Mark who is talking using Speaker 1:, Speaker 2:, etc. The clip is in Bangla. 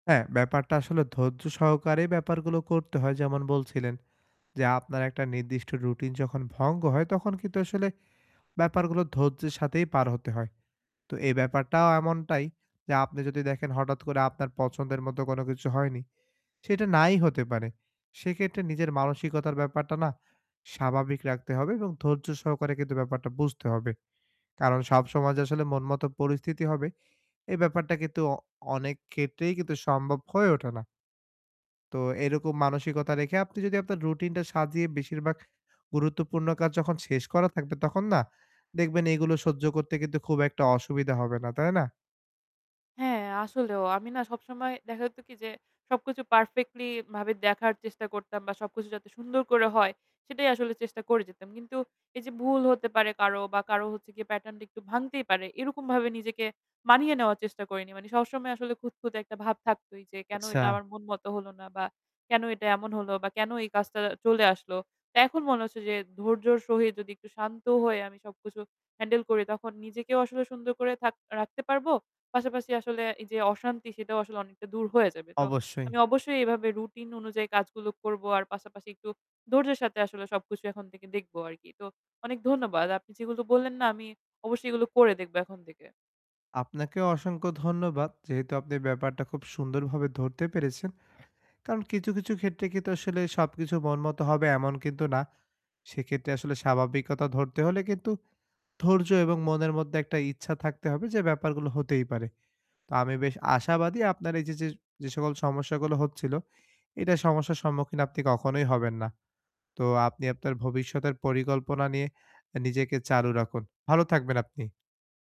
Speaker 1: হ্যাঁ, ব্যাপারটা আসলে ধৈর্য সহকারে ব্যাপারগুলো করতে হয় যেমন বলছিলেন। যে আপনার একটা নির্দিষ্ট রুটিন যখন ভঙ্গ হয় তখন কিন্তু আসলে ব্যাপারগুলো ধৈর্যের সাথেই পার হতে হয়। তো এই ব্যাপারটাও এমনটাই, যে আপনি যদি দেখেন হঠাৎ করে আপনার পছন্দের মতো কোনো কিছু হয়নি। সেটা নাই হতে পারে। সেক্ষেত্রে নিজের মানসিকতার ব্যাপারটা না স্বাভাবিক রাখতে হবে এবং ধৈর্য সহকারে কিন্তু ব্যাপারটা বুঝতে হবে। কারণ সব সময় যে আসলে মন-মত পরিস্থিতি হবে, এ ব্যাপারটা কিন্তু অ অনেক ক্ষেত্রেই কিন্তু সম্ভব হয়ে ওঠে না। তো এরকম মানসিকতা রেখে আপনি যদি আপনার রুটিনটা সাজিয়ে বেশিরভাগ গুরুত্বপূর্ণ কাজ যখন শেষ করা থাকবে, তখন না দেখবেন এগুলো সহ্য করতে কিন্তু খুব একটা অসুবিধা হবে না। তাই না?
Speaker 2: হ্যাঁ, আসলেও আমি না সবসময় দেখা যেত কি যে সবকিছু পারফেক্টলি ভাবে দেখার চেষ্টা করতাম বা সবকিছু যাতে সুন্দর করে হয় সেটাই আসলে চেষ্টা করে যেতাম। কিন্তু এই যে ভুল হতে পারে কারো বা কারো হচ্ছে গিয়ে প্যাটার্ন টা একটু ভাঙতেই পারে। এরকম ভাবে নিজেকে মানিয়ে নেওয়ার চেষ্টা করিনি। মানে সবসময় আসলে খুঁতখুঁতে একটা ভাব থাকতই যে কেন এটা
Speaker 1: আচ্ছা।
Speaker 2: আমার মন মতো হলো না? বা কেন এটা এমন হলো বা কেন এই কাজটা আ চলে আসলো? এখন মনে হচ্ছে যে ধৈর্যর সহিত যদি একটু শান্ত হয়ে আমি সবকিছু হ্যান্ডেল করি, তখন নিজেকেও আসলে সুন্দর করে থাক রাখতে পারব। পাশাপাশি আসলে এই যে অশান্তি সেটাও আসলে অনেকটা দূর হয়ে যাবে। তো
Speaker 1: অবশ্যই।
Speaker 2: আমি অবশ্যই এভাবে রুটিন অনুযায়ী কাজগুলো করব। আর পাশাপাশি একটু ধৈর্যের সাথে আসলে সবকিছু এখন থেকে দেখব আরকি। তো অনেক ধন্যবাদ। আপনি যেগুলো বললেন না আমি অবশ্যই এগুলো করে দেখবো এখন থেকে।
Speaker 1: আপনাকেও অসংখ্য ধন্যবাদ। যেহেতু আপনি ব্যাপারটা খুব সুন্দরভাবে ধরতে পেরেছেন। কারন কিছু, কিছু ক্ষেত্রে কিন্তু আসলে সবকিছু মন মত হবে এমন কিন্তু না। সেক্ষেত্রে আসলে স্বাভাবিকতা ধরতে হলে কিন্তু ধৈর্য এবং মনের মধ্যে একটা ইচ্ছা থাকতে হবে যে ব্যাপারগুলো হতেই পারে। তো আমি বেশ আশাবাদি আপনার এই যে, যে যে সকল সমস্যাগুলো হচ্ছিল, এইটা সমস্যার সম্মুখীন আপনি কখনোই হবেন না। তো আপনি আপনার ভবিষ্যতের পরিকল্পনা নিয়ে এ নিজেকে চালু রাখুন। ভালো থাকবেন আপনি।